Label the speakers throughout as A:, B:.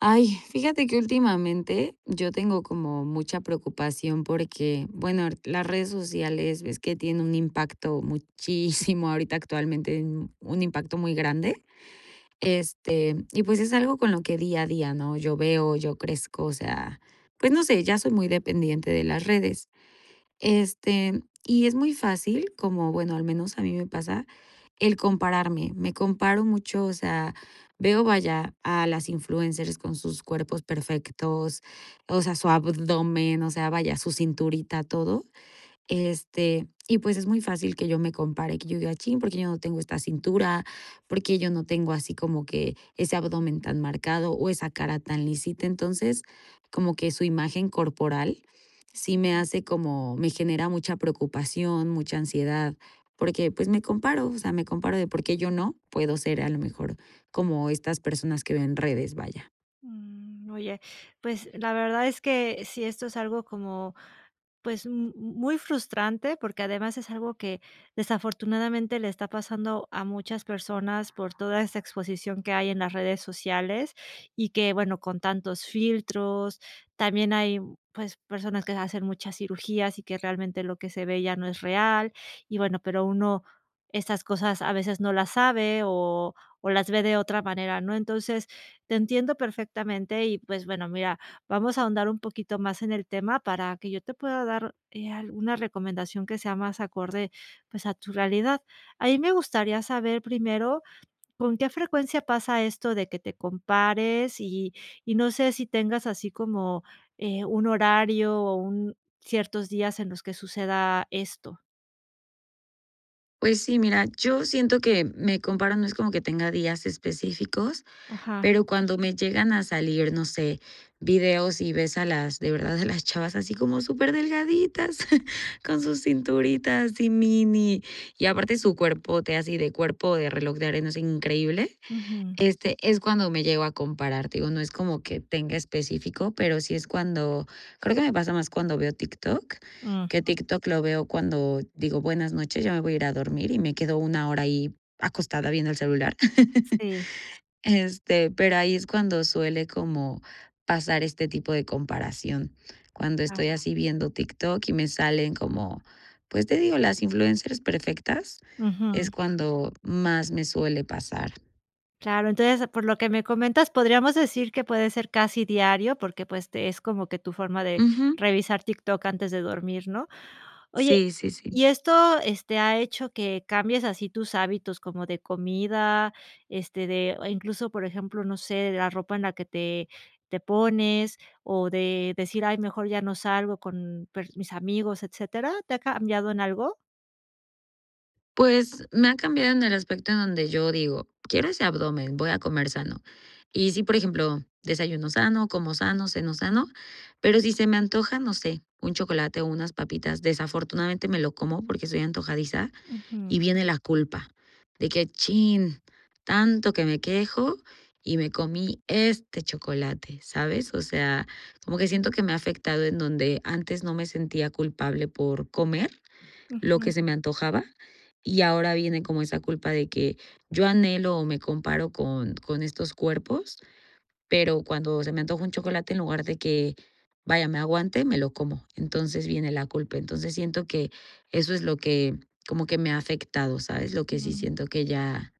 A: Ay, fíjate que últimamente yo tengo como mucha preocupación, porque bueno, las redes sociales, es que tienen un impacto muchísimo ahorita actualmente, un impacto muy grande, este, y pues, es algo con lo que día a día no yo veo yo crezco, o sea, pues, no sé, ya soy muy dependiente de las redes, este, y es muy fácil como bueno, al menos a mí me pasa el compararme, me comparo mucho, o sea, veo vaya, a las influencers con sus cuerpos perfectos, o sea, su abdomen, o sea, vaya su cinturita, todo, este, y pues es muy fácil que yo me compare, que yo diga: "Chin, ¿por qué yo no tengo esta cintura por qué, yo no tengo así como que ese abdomen tan marcado, o esa cara tan lisita?" Entonces, como que su imagen corporal sí me
B: Mm.
A: hace como me genera mucha preocupación, mucha ansiedad porque pues, me comparo, o sea, me comparo de: "¿Por qué yo no, puedo ser a lo mejor como estas personas que veo redes?" Vaya.
B: Mm, oye, pues la verdad es que sí esto es algo como pues m m muy frustrante, porque además es algo que desafortunadamente le está pasando a muchas personas por toda esta exposición que hay en las redes sociales y que, bueno, con tantos filtros también hay, pues personas que se hacen muchas cirugías y que realmente lo que se ve ya no es real y bueno, pero uno estas cosas a veces no las sabe, o o las ve de otra manera, ¿no? Entonces, te entiendo perfectamente y pues bueno, mira, vamos a ahondar un poquito más en el tema para que yo te pueda dar, eh, alguna recomendación que sea más acorde, pues a tu realidad. A mí me gustaría saber primero, ¿con qué frecuencia pasa esto de que te compares?, y y no sé si tengas así como, eh, un horario o un ciertos días en los que suceda esto.
A: Pues sí mira, yo siento que me comparo, no es como que tenga días específicos,
B: Ajá.
A: pero cuando me llegan a salir, no sé, vídeos y ves a las de verdad a las chavas así como súper delgaditas con sus cinturitas y mini, y aparte su cuerpote así de cuerpo de reloj de arena así increíble,
B: Ujú.
A: este es cuando me llego a comparar. Te digo, no es como que tenga específico, pero sí es cuando creo que me pasa más cuando veo TikTok. Que
B: Ujú.
A: TikTok lo veo cuando digo: "Buenas noches ya me voy a ir a dormir", y me quedo 1 hora ahí acostada viendo el celular,
B: Sí.
A: este, pero ahí es cuando suele como pasar este tipo de comparación, cuando estoy
B: Ah.
A: así viendo TikTok y me salen como, pues te digo, las influencers perfectas, es
B: Ujú.
A: cuando más me suele pasar.
B: Claro. Entonces, por lo que me comentas, podríamos decir que puede ser casi diario, porque, pues, te es como que tu forma de
A: Ujú.
B: revisar TikTok antes de dormir, ¿no? Oye,
A: Sí, sí, sí.
B: ¿y esto, ha hecho que cambies así tus hábitos, como de comida? Este, de o incluso, por ejemplo, no sé, la ropa en la que te te pones, o de decir, ay, mejor ya no salgo con per mis amigos, etcétera, ¿te ha cambiado en algo?
A: Pues, me ha cambiado en el aspecto en donde yo digo: "Quiero ese abdomen. Voy a comer sano", y sí, por ejemplo, desayuno sano, como sano, ceno sano, pero, si se me antoja, no sé, un chocolate o unas papitas, desafortunadamente me lo como, porque soy antojadiza
B: Ujú.
A: y viene la culpa de que, chin, tanto que me quejo y me comí este chocolate, ¿sabes? O sea, como que siento que me ha afectado en donde antes no me sentía culpable por comer lo que
B: Ujú.
A: se me antojaba. Y ahora viene como esa culpa de que, yo anhelo, o me comparo con con estos cuerpos. Pero, cuando se me antoja un chocolate, en lugar de que vaya, me aguante, me lo como, entonces viene la culpa. Entonces siento que eso es lo que, como que me ha afectado, ¿sabes? Lo que sí
B: Mm.
A: siento que ya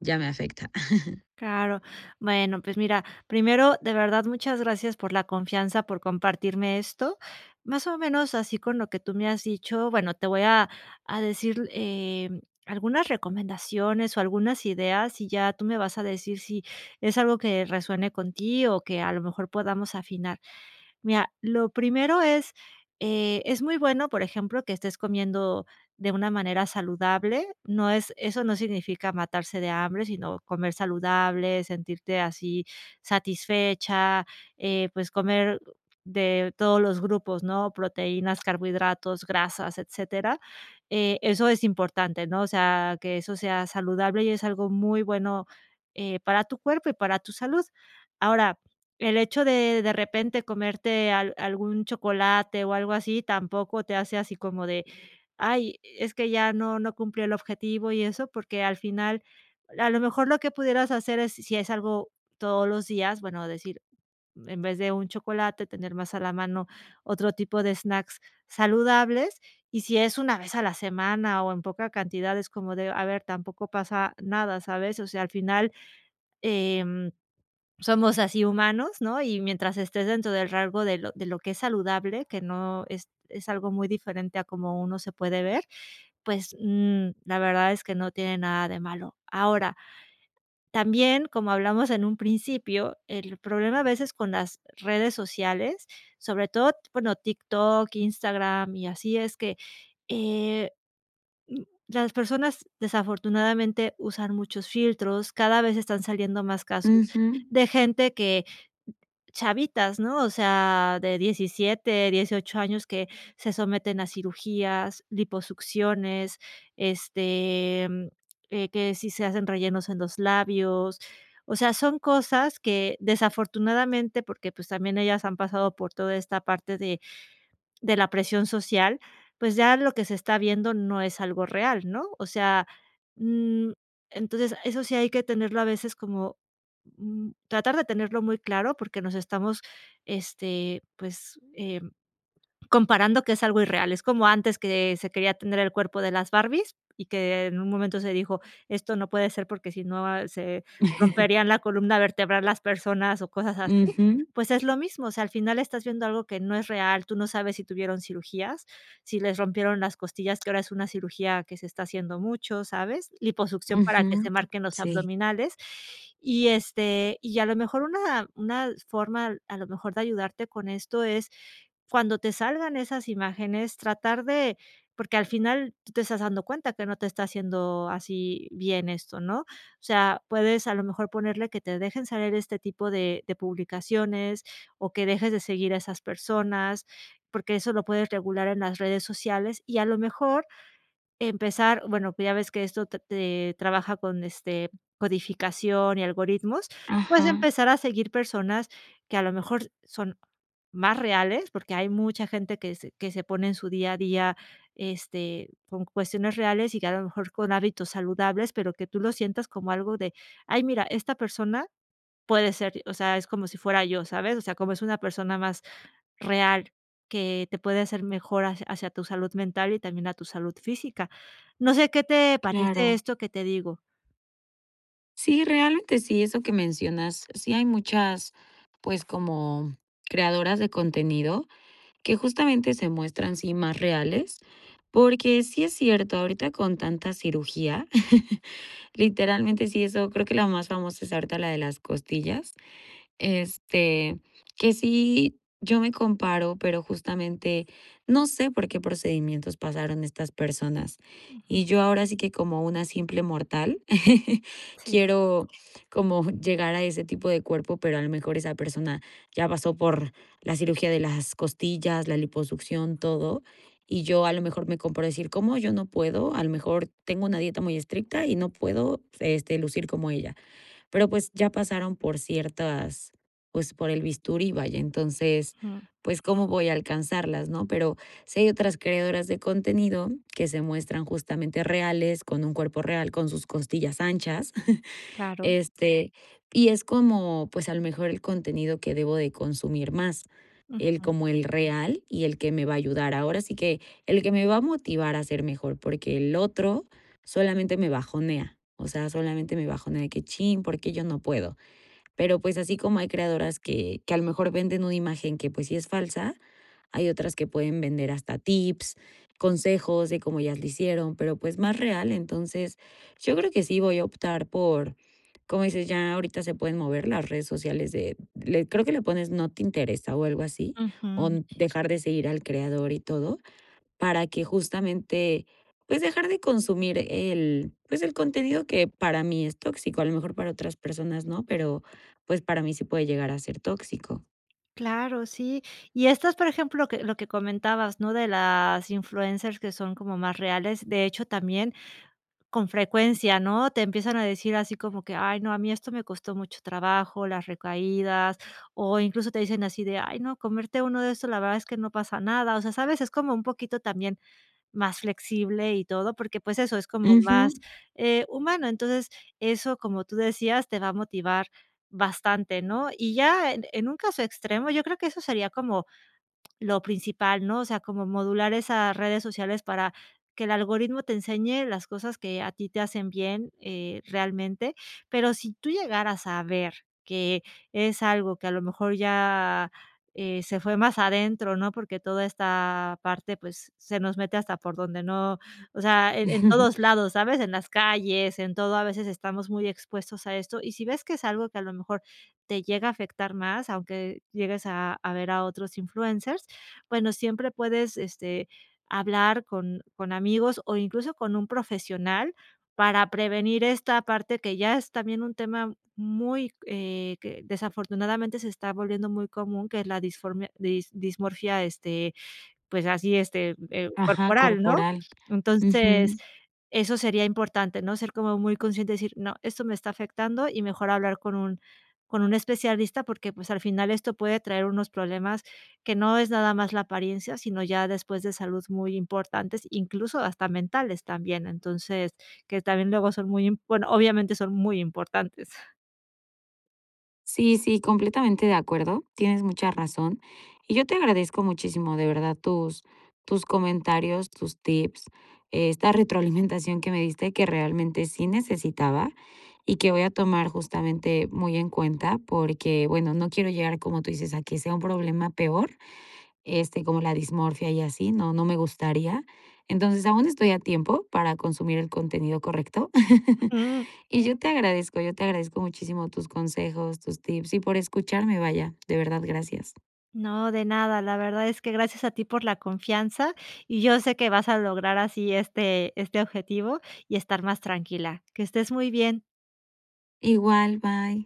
A: ya me afecta.
B: Claro. Bueno, pues mira, primero, de verdad, muchas gracias por la confianza, por compartirme esto, más o menos así con lo que tú me has dicho. Bueno, te voy a a decir, eh, algunas recomendaciones o algunas ideas y ya tú me vas a decir si es algo que resuene con ti o que a lo mejor podamos afinar. Mira, lo primero es, eh, es muy bueno, por ejemplo, que estés comiendo de una manera saludable. No es, eso no significa matarse de hambre, sino comer saludable, sentirte así satisfecha, eh, pues, comer de todos los grupos, ¿no?, proteínas, carbohidratos, grasas, etcétera. Eh, eso es importante, ¿no? O sea, que eso sea saludable y es algo muy bueno, eh, para tu cuerpo y para tu salud. Ahora, el hecho de de repente comerte al algún chocolate o algo así, tampoco te hace así como de: "Ay, es que ya no no cumplió el objetivo", y eso porque, al final, a lo mejor lo que pudieras hacer es si es algo todos los días. Bueno, decir, en vez de un chocolate, tener más a la mano otro tipo de snacks saludables. Y si es una vez a la semana, o en poca cantidad es como de a ver, tampoco pasa nada, ¿sabes? O sea, al final, em, somos así humanos, ¿no? Y mientras estés dentro del rango de lo de lo que es saludable, que no es es algo muy diferente a como uno se puede ver. Pues, mm, la verdad es que no tiene nada de malo. Ahora, también, como hablamos en un principio, el problema a veces con las redes sociales, sobre todo, bueno, TikTok, Instagram y así, es que, eh, mm, las personas desafortunadamente usan muchos filtros. Cada vez están saliendo más casos
A: Ujú.
B: de gente que, chavitas, ¿no? O sea, de 17, 18, años, que se someten a cirugías, liposucciones, este, mm, eh, que si se hacen rellenos en los labios. O sea, son cosas que, desafortunadamente, porque, pues, también ellas han pasado por toda esta parte de de la presión social. Pues, ya lo que se está viendo no es algo real, ¿no? O sea, mm, entonces eso sí hay que tenerlo a veces como, mm, tratar de tenerlo muy claro, porque, nos estamos, este, pues, em, comparando que es algo irreal. Es como antes, que se quería tener el cuerpo de las Barbies y que en un momento se dijo: "Esto no puede ser porque, si no se romperían la columna vertebral las personas", o cosas así,
A: Ujú.
B: pues, es lo mismo. O sea, al final estás viendo algo que no es real. Tú no sabes si tuvieron cirugías, si les rompieron las costillas, que ahora es una cirugía que se está haciendo mucho, ¿sabes?, liposucción para que
A: Ujú.
B: se marquen los
A: Sí.
B: abdominales, y este, y a lo mejor una una forma a lo mejor de ayudarte con esto es cuando te salgan esas imágenes tratar de porque, al final, tú te estás dando cuenta que no te está haciendo así bien esto ¿no? O sea, puedes a lo mejor ponerle que te dejen salir este tipo de de publicaciones, o que dejes de seguir a esas personas porque, eso lo puedes regular en las redes sociales y a lo mejor empezar. Bueno, pues ya ves que esto te trabaja con este codificación y algoritmos. Puedes
A: Ajá.
B: empezar a seguir personas que a lo mejor son más reales porque, hay mucha gente que se que se pone en su día a día, este, con cuestiones reales y que a lo mejor con hábitos saludables, pero que tú lo sientas como algo de ay, mira, esta persona puede ser, o sea, es como si fuera yo, ¿sabes? O sea, como es una persona más real que te puede hacer mejor ha hacia tu salud mental y también a tu salud física, no sé, qué te parece
A: Claro.
B: esto que te digo.
A: Sí, realmente sí, eso que mencionas. Sí, hay muchas, pues, como creadoras de contenido que justamente se muestran sí más reales porque sí es cierto, ahorita con tanta cirugía, literalmente, sí, eso creo que la más famosa es ahorita la de las costillas, este, que sí, yo me comparo, pero justamente no sé por qué procedimientos pasaron estas personas
B: Ujú.
A: y yo ahora sí que como una simple mortal
B: Sí.
A: quiero como llegar a ese tipo de cuerpo, pero a lo mejor esa persona ya pasó por la cirugía de las costillas, la liposucción, todo y yo a lo mejor me comparo a decir: "¿Cómo yo no puedo?". A lo mejor tengo una dieta muy estricta y no puedo, este, lucir como ella; pero pues ya pasaron por ciertas, pues, por el bisturí, vaya, entonces,
B: Jum.
A: pues, ¿cómo voy a alcanzarlas, no? Pero, si hay otras creadoras de contenido que se muestran justamente reales con un cuerpo real con sus costillas anchas,
B: Claro.
A: este, y es como, pues, a lo mejor el contenido que debo de consumir más, el
B: Ujú.
A: como el real y el que me va a ayudar. Ahora sí que, el que me va a motivar a ser mejor, porque el otro solamente me bajonea, o sea, solamente me bajonea, de que: Cchín, ¿por qué yo no puedo?". Pero, pues, así como hay creadoras que que a lo mejor venden una imagen que, pues, sí es falsa, hay otras que pueden vender hasta tips, consejos de cómo ellas lo hicieron, pero, pues, más real. Entonces yo creo que sí voy a optar por, como dices, ya ahorita se pueden mover las redes sociales de le creo que le pones no te interesa, o algo así o
B: Ujú.
A: dejar de seguir al creador y todo, para que justamente, pues, dejar de consumir el pues, el contenido que para mí es tóxico, a lo mejor para otras personas no, pero, pues, para mí sí puede llegar a ser tóxico.
B: Claro, sí, y esto es, por ejemplo, lo que lo que comentabas, ¿no? De las influencers que son como más reales. De hecho, también con frecuencia, ¿no?, te empiezan a decir así como que: "Ay, no, a mí esto me costó mucho trabajo, las recaídas", o incluso te dicen así de: "Ay no, comerte uno de estos, la verdad es que no pasa nada", o sea, ¿sabes?, es como un poquito también más flexible y todo porque, pues, eso es como más
A: Ujú.
B: eh, humano, entonces eso como tú decías, te va a motivar bastante, ¿no? Y ya en en un caso extremo, yo creo que eso sería como lo principal, ¿no? O sea, como modular esas redes sociales para que el algoritmo te enseñe las cosas que a ti te hacen bien, eh, realmente. Pero si tú llegaras a ver que es algo que a lo mejor ya, eh, se fue más adentro, ¿no?, porque toda esta parte, pues, se nos mete hasta por donde no, o sea, e en todos lados, ¿sabes? En las calles, en todo, a veces estamos muy expuestos a esto, y si ves que es algo que a lo mejor te llega a afectar más, aunque llegues a a ver a otros influencers, bueno, siempre puedes, este, hablar con con amigos o incluso con un profesional para prevenir esta parte, que ya es también un tema muy, eh, que desafortunadamente se está volviendo muy común, que es la disformia dis dismorfia, este pues, así, este eh,
A: Ajá,
B: corporal, ¿no?
A: corporal.
B: Entonces,
A: Ujú.
B: eso sería importante, ¿no? Ser como muy consciente y decir: "No, esto me está afectando y mejor hablar con un con un especialista", porque, pues, al final esto puede traer unos problemas que no es nada más la apariencia, sino ya después de salud muy importantes, incluso hasta mentales también, entonces que también luego son muy, imp bueno, obviamente son muy importantes.
A: Sí, sí, completamente de acuerdo. Tienes mucha razón y yo te agradezco muchísimo, de verdad, tus tus comentarios, tus tips, esta retroalimentación que me diste que realmente sí necesitaba y que voy a tomar justamente muy en cuenta porque, bueno, no quiero llegar, como tú dices, a que sea un problema peor, este, como la dismorfia y así, no no me gustaría. Entonces aún estoy a tiempo para consumir el contenido correcto.
B: Ujú.
A: Y yo te agradezco, yo te agradezco muchísimo tus consejos, tus tips y por escucharme, vaya. De verdad, gracias.
B: No, de nada. La verdad es que gracias a ti por la confianza y yo sé que vas a lograr así, este este, objetivo y estar más tranquila. Que estés muy bien.
A: Igual, bye.